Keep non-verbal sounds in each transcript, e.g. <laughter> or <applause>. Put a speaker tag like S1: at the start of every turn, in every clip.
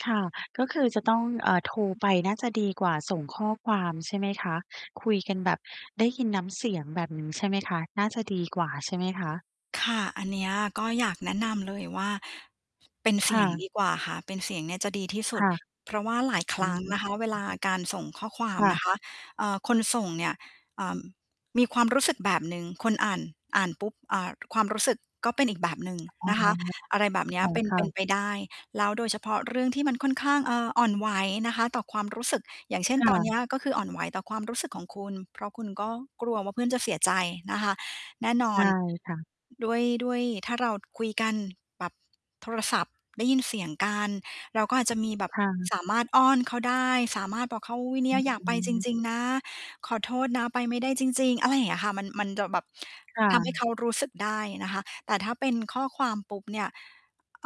S1: ค่ะ ก็คือจะต้อง เอ่อ โทรไปน่าจะดีกว่าส่งข้อความใช่ไหมคะ? คุยกันแบบได้ยินน้ำเสียงแบบนี้ใช่ไหมคะ? น่าจะดีกว่าใช่ไหมคะ?
S2: ค่ะ อันเนี้ยก็อยากแนะนำเลยว่า เป็นเส
S1: ค
S2: ี
S1: ่
S2: ยง
S1: ะ
S2: ดีกว่าค่ะ เป็นเสียงเนี่ยจะดีที่สุ
S1: ค
S2: ด
S1: ่ะ
S2: เพราะว่าหลายคร
S1: อื
S2: ั้ง
S1: ม
S2: นะคะ เวลาการส่งข้อความ
S1: ค่ะ
S2: นะคะ เอ่อ คนส่งเนี่ย อ่า มีความรู้สึกแบบหนึ่ง คนอ่าน อ่านปุ๊บ อ่า ความรู้สึกก็เป็นอีกแบบหนึ่ง
S1: อ๋อ
S2: นะคะ อะไรแบบเนี้ยเป็น
S1: ค่
S2: เป
S1: ะ
S2: ็น
S1: ๆ
S2: ไปได้ แล้วโดยเฉพาะเรื่องที่มันค่อนข้าง เอ่อ อ่อนไหวนะคะ ต่อความรู้สึก อย่างเช่น
S1: ค่
S2: ตอนเนี
S1: ะ
S2: ้ยก็คืออ่อนไหวต่อความรู้สึกของคุณ เพราะคุณก็กลัวว่าเพื่อนจะเสียใจนะคะ แน่น
S1: ใช
S2: อน
S1: ่ค่ะ
S2: ด้วย ด้วยถ้าเราคุยกันแบบโทรศัพท์ ได้ยินเสียงกัน เราก็อาจจะมีแบบ
S1: ค่ะ
S2: สามารถอ้อนเขาได้ สามารถบอกเขา "อุ๊ย เนี
S1: อ
S2: ่
S1: ื
S2: ย อยากไปจ
S1: ม
S2: ริง ๆ นะ ขอโทษนะไปไม่ได้จริง ๆ" อะไรอย่างเงี้ยค่ะ มัน มันจะแบบ
S1: ค่
S2: ทำให้เ
S1: ะ
S2: ขารู้สึกได้นะคะ แต่ถ้าเป็นข้อความปุ๊บเนี่ย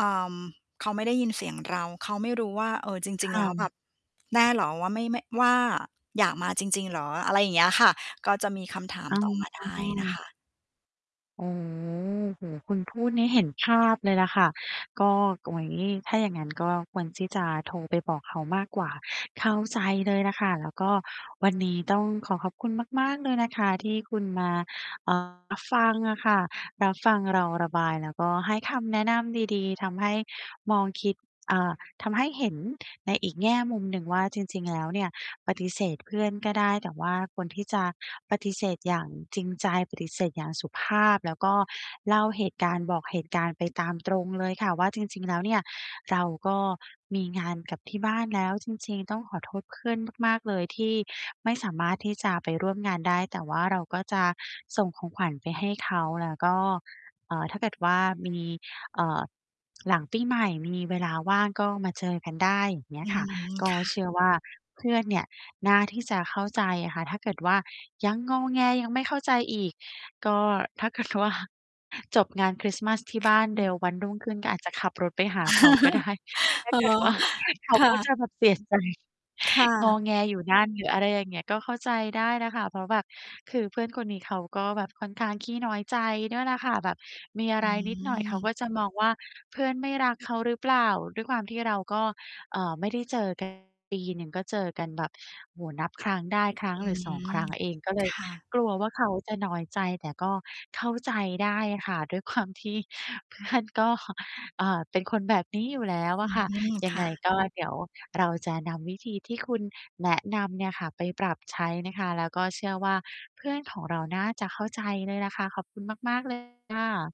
S2: อ่า เขาไม่ได้ยินเสียงเรา เขาไม่รู้ว่า เอ่อ จร
S1: ค
S2: ิง
S1: ่
S2: ๆ แล
S1: ะ
S2: ้วแบบ แน่เหรอว่า ไม่ ไม่ ว่า "อยากมาจริง ๆ เหรอ?" อะไรอย่างเงี้ยค่ะ ก็จะมีคำถาม
S1: อ๋
S2: ต่อมาได้นะค
S1: อ
S2: ะ
S1: โอ้โฮ คุณพูดนี่เห็นภาพเลยล่ะค่ะ ก็ โอ้โฮ ถ้าอย่างงั้นก็ควรที่จะโทรไปบอกเขามากกว่า เข้าใจเลยล่ะค่ะ แล้วก็วันนี้ต้องขอขอบคุณมาก ๆ เลยนะคะที่คุณมา อ่า รับฟังอะค่ะ รับฟังเราระบายแล้วก็ให้คำแนะนำดี ๆ ทำให้มองคิด อ่า ทำให้เห็นในอีกแง่มุมหนึ่งว่า จริง ๆ แล้วเนี่ย ปฏิเสธเพื่อนก็ได้ แต่ว่าควรที่จะปฏิเสธอย่างจริงใจ ปฏิเสธอย่างสุภาพ แล้วก็เล่าเหตุการณ์ บอกเหตุการณ์ไปตามตรงเลยค่ะว่า "จริง ๆ แล้วเนี่ยเราก็มีงานกับที่บ้านแล้วจริง ๆ ต้องขอโทษเพื่อนมาก ๆ เลยที่ไม่สามารถที่จะไปร่วมงานได้" แต่ว่าเราก็จะส่งของขวัญไปให้เขา แล้วก็ เอ่อ "ถ้าเกิดว่ามี เอ่อ หลังปีใหม่มีเวลาว่าง ก็มาเจอกันได้" อย่างเงี้
S2: อื
S1: ยค่ะ
S2: ม
S1: ก
S2: ค
S1: ็
S2: ่ะ
S1: เชื่อว่าเพื่อนเนี่ย น่าที่จะเข้าใจอะค่ะ ถ้าเกิดว่ายังงอแง ยังไม่เข้าใจอีก ก็ถ้าเกิด ว่า จบงานคริสต์มาสที่
S2: ค
S1: บ
S2: ่ะ
S1: ้าน
S2: อื
S1: เร
S2: ม
S1: ็ว วันรุ่งขึ้นก็อาจจะขับรถไปหาเขาก็ ได้
S2: <laughs>
S1: ถ้า
S2: อ๋อ
S1: เกิด ว่า เข
S2: ค
S1: า
S2: ่
S1: ก็จ
S2: ะ
S1: ะแบบเสีย ใจ
S2: ค่
S1: งอ
S2: ะ
S1: แงอยู่นั่น หรืออะไรอย่างเงี้ย ก็เข้าใจได้แหละค่ะ เพราะแบบ คือเพื่อนคนนี้เขาก็แบบค่อนข้างขี้น้อยใจด้วยแหละค่ะ แบบมีอะ
S2: อ
S1: ไรนิดหน่อย เขา
S2: ืม
S1: ก็จะมองว่า "เพื่อนไม่รักเขาหรือเปล่า?" ด้วยความที่เราก็ เอ่อ ไม่ได้เจอ กัน ปีหนึ่งก็เจอกันแบบ โอ้โฮ นับครั้งได้ ครั้
S2: อ
S1: ง
S2: ื
S1: หรือ 2 ค
S2: ม
S1: รั้งเอง ก็เลย
S2: ค่ะ
S1: กลัวว่าเขาจะน้อยใจ แต่ก็เข้าใจได้ค่ะ ด้วยความ ที่เพื่อนก็ อ่า เป็นคนแบบนี้อยู่แล้ว
S2: อ
S1: อ
S2: ื
S1: ะค่ะ
S2: ม
S1: ย
S2: ค
S1: ัง
S2: ่
S1: ไง
S2: ะ
S1: ก็ เดี๋ยวเราจะนำวิธีที่คุณแนะนำเนี่ยค่ะไปปรับใช้นะคะ แล้วก็เชื่อว่าเพื่อนของเราน่าจะเข้าใจเลยแหละคะ ขอบคุณมาก ๆ เลย ค่ะ